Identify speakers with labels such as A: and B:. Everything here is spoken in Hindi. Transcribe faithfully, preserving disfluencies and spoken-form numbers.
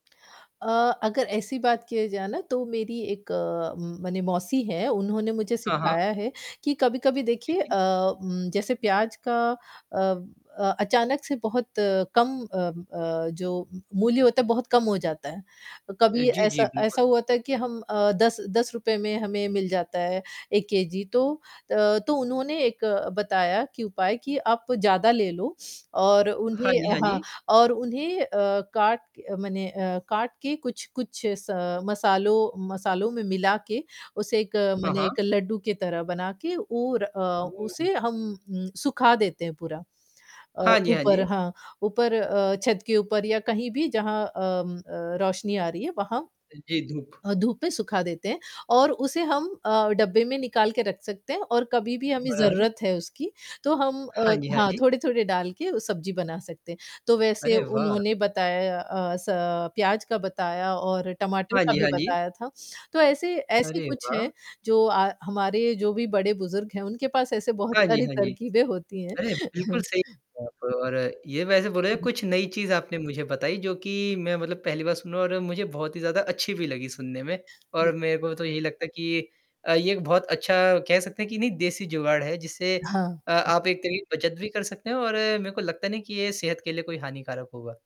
A: अ, अगर ऐसी बात किया जाए ना तो मेरी एक अ, म माने मौसी हैं, उन्होंने मुझे
B: हाँ, हाँ।
A: सिखाया है कि कभी-कभी
B: जी,
A: देखिए
B: जी।
A: अ, उम, जैसे प्याज़ का अ अ, अचानक से बहुत कम अ अ, जो मूल्य होता है बहुत कम हो जाता है।
B: अ,
A: कभी
B: जी, जी,
A: ऐसा
B: बिल्कुल।
A: ऐसा हुआ था कि हम अ, दस दस रुपए में हमें मिल जाता है एक केजी तो अ, तो उन्होंने एक बताया कि एक उपाय कि आप ज़्यादा ले लो और
B: हाँ
A: उन्हें
B: जी,
A: अ,
B: हाँ
A: हाँ
B: जी।
A: और उन्हें अ, काट मने अ, काट के कुछ-कुछ स मसालों मसालों में मिला के उसे एक
B: हाँ,
A: मने एक
B: हाँ।
A: लड्डू के तरह बना के और अ,
B: ओह!
A: उसे हम उम, सुखा देते हैं पूरा। अ,
B: हाँ जी, हाँ
A: ऊपर
B: जी।
A: हाँ, ऊपर अ, छत के ऊपर या कहीं भी जहाँ अम, अ, रोशनी आ रही है वहाँ
B: अ, जी, धूप।
A: अ, धूप में सुखा देते हैं और उसे हम अ, डब्बे में निकाल के रख सकते हैं और कभी भी
B: म
A: हमें
B: अरे!
A: ज़रूरत है उसकी, तो हम
B: हाँ
A: अ,
B: जी, हाँ
A: हाँ,
B: जी।
A: थोड़े-थोड़े डाल के सब्ज़ी बना सकते हैं, तो वैसे
B: अरे वाह!
A: उन्होंने बताया अ, स प्याज़ का बताया और टमाटर
B: हाँ
A: का
B: जी,
A: भी
B: हाँ जी।
A: बताया था। तो ऐसे ऐसे
B: अरे
A: कुछ हैं
B: वाह!
A: जो अ, हमारे जो भी बड़े-बुज़ुर्ग हैं उनके पास ऐसे बहुत
B: हाँ जी,
A: सारी
B: हाँ जी।
A: तरकीबें होती हैं।
B: अरे! बिल्कुल सही बात और ये वैसे बोले जाए कुछ नई चीज़ आपने मुझे बताई जो कि मैं मतलब पहली बार सुन रहा हूँ और मुझे बहुत ही ज़्यादा अच्छी भी लगी सुनने में और
A: जी।
B: मेरे को तो यही लगता है कि अ, ये एक बहुत अच्छा कह सकते हैं कि नहीं देसी जुगाड़ है जिससे अ,
A: हाँ।
B: आप एक तरीक़े से बचत भी कर सकते हैं और मेरे को लगता नहीं कि ये सेहत के लिए कोई हानिकारक होगा।